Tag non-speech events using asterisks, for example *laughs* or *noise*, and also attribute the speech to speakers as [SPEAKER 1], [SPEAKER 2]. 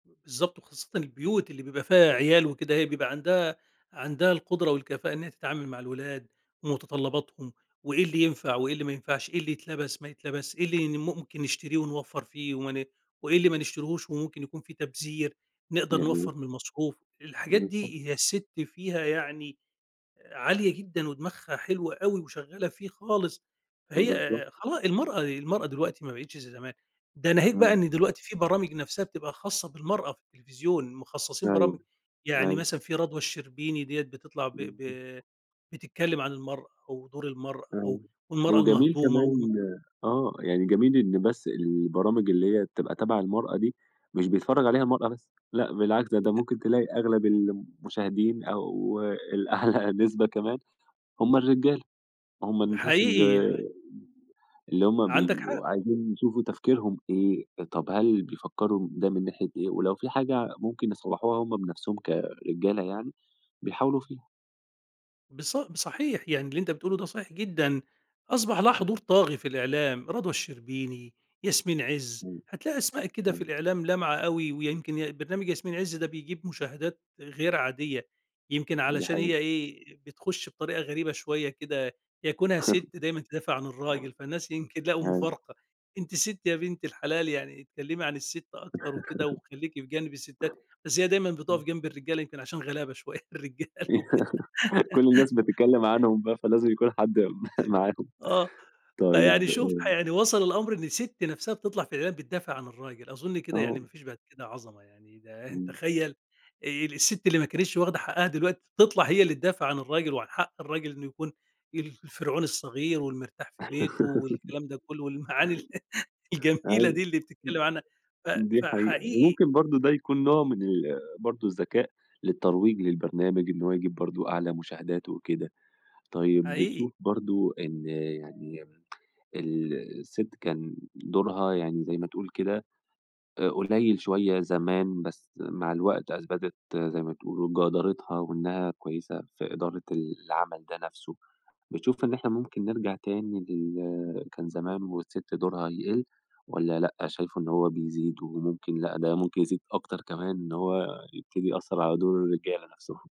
[SPEAKER 1] بالضبط، وخاصةً البيوت اللي بيبقى فيها عيال وكده، هي بيبقى عندها عندها القدرة والكفاءة إنها تتعامل مع الولاد، ومتطلباتهم وإيه اللي ينفع، وإيه اللي ما ينفعش، إيه اللي يتلبس ما يتلبسش، إيه اللي ممكن نشتريه ونوّفر فيه، وما ن وإيه اللي ما نشتريهوش، وممكن يكُون في تبذير، نقدر
[SPEAKER 2] جميل.
[SPEAKER 1] نوَّفر من المصروف، الحاجات
[SPEAKER 2] بالضبط.
[SPEAKER 1] دي هي السِت فيها يعني عالية جدًا، ودماغها حلوة أوي، وشغالة فيه خالص هي،
[SPEAKER 2] بالضبط.
[SPEAKER 1] آآ، خلاص المَرأة المَرأة دلوقتي ما بقيتش زَي زمان، ده ناهيك بقى إن
[SPEAKER 2] إمم.
[SPEAKER 1] دلوقتي في برامج نَفْسها بتبقى خاصة بالمَرأة في التلفزيون، مخصصين برامج
[SPEAKER 2] أيوه،
[SPEAKER 1] يعني
[SPEAKER 2] أيوه.
[SPEAKER 1] مثلًا في رضوى الشربيني ديَّة بتطلَع ب
[SPEAKER 2] إمم.
[SPEAKER 1] ب بتتكلم عن المَرأة و دُور المَرأة و
[SPEAKER 2] أيوه،
[SPEAKER 1] والمَرأة
[SPEAKER 2] وجميل
[SPEAKER 1] المهضومة و
[SPEAKER 2] كمان آه، يعني جميل إن بس البرامج اللي هي بتبقى تَبع المَرأة دي مش بيتفرج عليها المَرأة بس، لأ بالعكس ده ده
[SPEAKER 1] *unintelligible*
[SPEAKER 2] ممكن تلاقي أغلب المشاهدين، أو الأعلى نسبة كمان هُم الرجالة، هُم الناس ال
[SPEAKER 1] حقيقي يع
[SPEAKER 2] اللي هُم
[SPEAKER 1] عندك حق.
[SPEAKER 2] بيبقوا عايزين يشوفوا تفكيرهم إيه، طَب هل بيفكروا ده من ناحية إيه، ولو في حاجة ممكن يصلّحوها هُم بنَفْسهم، كرجالة يعني بيحاولوا فيها.
[SPEAKER 1] بِصَ بصحيح يعني اللي أنت بتقوله ده صحيح جدًا، أصبَح لها حضور طاغي في الإعلام رضوى الشربيني، ياسمين عز هتلاقي أسماء كده في
[SPEAKER 2] *unintelligible*
[SPEAKER 1] الإعلام لامعة أوي، ويمْكِن ي برنامج ياسمين عز ده بيجيب مشاهدات غير عادية، يمْكِن
[SPEAKER 2] دي
[SPEAKER 1] علشان هي
[SPEAKER 2] حقيقة.
[SPEAKER 1] إيه بتخش بطريقة غريبة شوية كده، هي كُونها سِت دايمًا تدافع عن
[SPEAKER 2] *laughs*
[SPEAKER 1] الراجل، فالناس يمْكِن لقوا
[SPEAKER 2] *unintelligible*
[SPEAKER 1] مفارقة، أنتِ سِت يا بنت الحلال يعني اتكلمي عن السِت أكتر وكده، وخلّيكي في جانب السِتات بس هي دايمًا
[SPEAKER 2] *laughs*
[SPEAKER 1] بتقف
[SPEAKER 2] إمم.
[SPEAKER 1] جنب الرجالة، يمْكِن عشان غلابة شوية الرجالة وكده
[SPEAKER 2] *laughs* كُلّ الناس بتتكلم
[SPEAKER 1] *giggles*
[SPEAKER 2] عنهم بقى، فلازم يكُون حد *chuckles* م معاهم
[SPEAKER 1] آه، فيعني
[SPEAKER 2] طيب
[SPEAKER 1] شوف
[SPEAKER 2] آآ
[SPEAKER 1] ح يعني وصَل الأمر إن سِت نَفْسها بتطلَع في الإعلان بتدافع عن الراجل، أظن كده يعني
[SPEAKER 2] آه.
[SPEAKER 1] ما فيش بعد كده عظمة يعني ده
[SPEAKER 2] إمم.
[SPEAKER 1] تخيل ال السِت اللي ما كانتش واخدة حقها دلوقتي تطلَع هي اللي تدافِع عن الراجل، وعن حق الراجل إنه يكُون ال الفرعون الصغير والمرتاح في بيته،
[SPEAKER 2] *laughs*
[SPEAKER 1] والكلام ده كُلّه، والمعاني الجميلة
[SPEAKER 2] أيوه
[SPEAKER 1] دي اللي بتتكلم عنها ف
[SPEAKER 2] *unintelligible* دي حقيقة،
[SPEAKER 1] فحقيقي
[SPEAKER 2] وممكن برضه ده يكُون نوع من ال برضه الذكاء للترويج للبرنامج، إن هو يجيب برضه أعلى مشاهدات وكده، طيب
[SPEAKER 1] حقيقي.
[SPEAKER 2] بتشوف برضه إن يعني ال السِت كان دُورها يعني زَي ما تقول كده قليل شوية زمان، بس مع الوقت أثبتت زَي ما تقولوا جَدارتها، وإنها كويسة في إدارة العمل ده نَفْسه، بتشوف إن إحنا ممكن نرجَع تاني لل كان زمان، والسِت دُورها يقل، والّا لأ شايفه إن هو بيزيد، وممكن لأ ده ممكن يزيد أكتر كمان، إن هو يبتدي يأثر على دُور الرجالة نَفْسهم؟